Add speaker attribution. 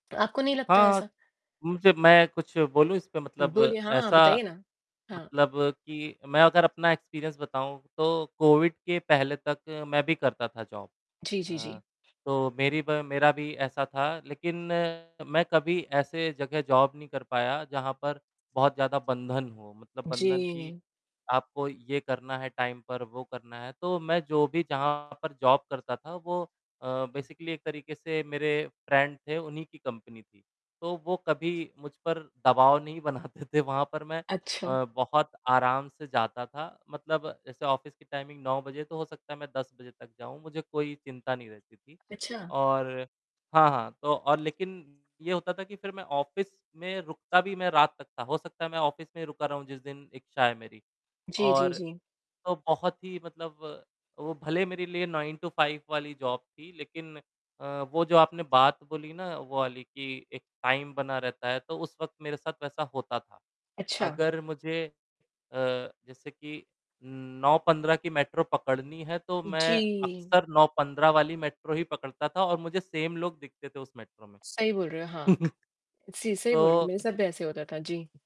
Speaker 1: आपको नहीं लगता
Speaker 2: हाँ।
Speaker 1: ऐसा?
Speaker 2: मुझे मैं कुछ बोलूँ इस पे मतलब
Speaker 1: बोलिए, हाँ
Speaker 2: ऐसा
Speaker 1: बताइए ना। हाँ।
Speaker 2: मतलब कि मैं अगर अपना एक्सपीरियंस बताऊँ, तो कोविड के पहले तक मैं भी करता था जॉब।
Speaker 1: जी, जी,
Speaker 2: अ,
Speaker 1: जी।
Speaker 2: तो मेरी ब मेरा भी ऐसा था लेकिन मैं कभी ऐसे जगह जॉब नहीं कर पाया जहाँ पर, बहुत ज़्यादा बंधन हो मतलब बंधन कि
Speaker 1: जी।
Speaker 2: आपको ये करना है, टाइम पर वो करना है। तो मैं जो भी जहाँ पर जॉब करता था वो अ, बेसिकली एक तरीके से मेरे फ्रेंड थे, उन्हीं की कंपनी थी। तो वो कभी मुझ पर दबाव नहीं बनाते थे वहाँ पर मैं
Speaker 1: अच्छा।
Speaker 2: अ, बहुत आराम से जाता था मतलब जैसे ऑफ़िस की टाइमिंग 9 बजे, तो हो सकता है मैं 10 बजे तक जाऊँ, मुझे कोई चिंता नहीं रहती थी।
Speaker 1: अच्छा।
Speaker 2: और हाँ, हाँ, तो और लेकिन ये होता था कि फिर मैं ऑफ़िस में रुकता भी मैं रात तक था, हो सकता है मैं ऑफ़िस में ही रुका रहूँ जिस दिन इच्छा है मेरी।
Speaker 1: जी, जी,
Speaker 2: और
Speaker 1: जी।
Speaker 2: तो बहुत ही मतलब वो भले मेरे लिए 9 टू 5 वाली जॉब थी लेकिन अ, वो जो आपने बात बोली ना वो वाली कि एक टाइम बना रहता है, तो उस वक़्त मेरे साथ वैसा होता था।
Speaker 1: अच्छा।
Speaker 2: अगर मुझे अ, जैसे कि उम, 9:15 की मेट्रो पकड़नी है, तो मैं
Speaker 1: जी।
Speaker 2: अक्सर 9:15 वाली मेट्रो ही पकड़ता था और मुझे सेम लोग दिखते थे उस मेट्रो में।
Speaker 1: सही बोल रहे हो, हाँ। सी सही बोल रहे हो
Speaker 2: तो
Speaker 1: मेरे साथ भी ऐसे होता था, जी।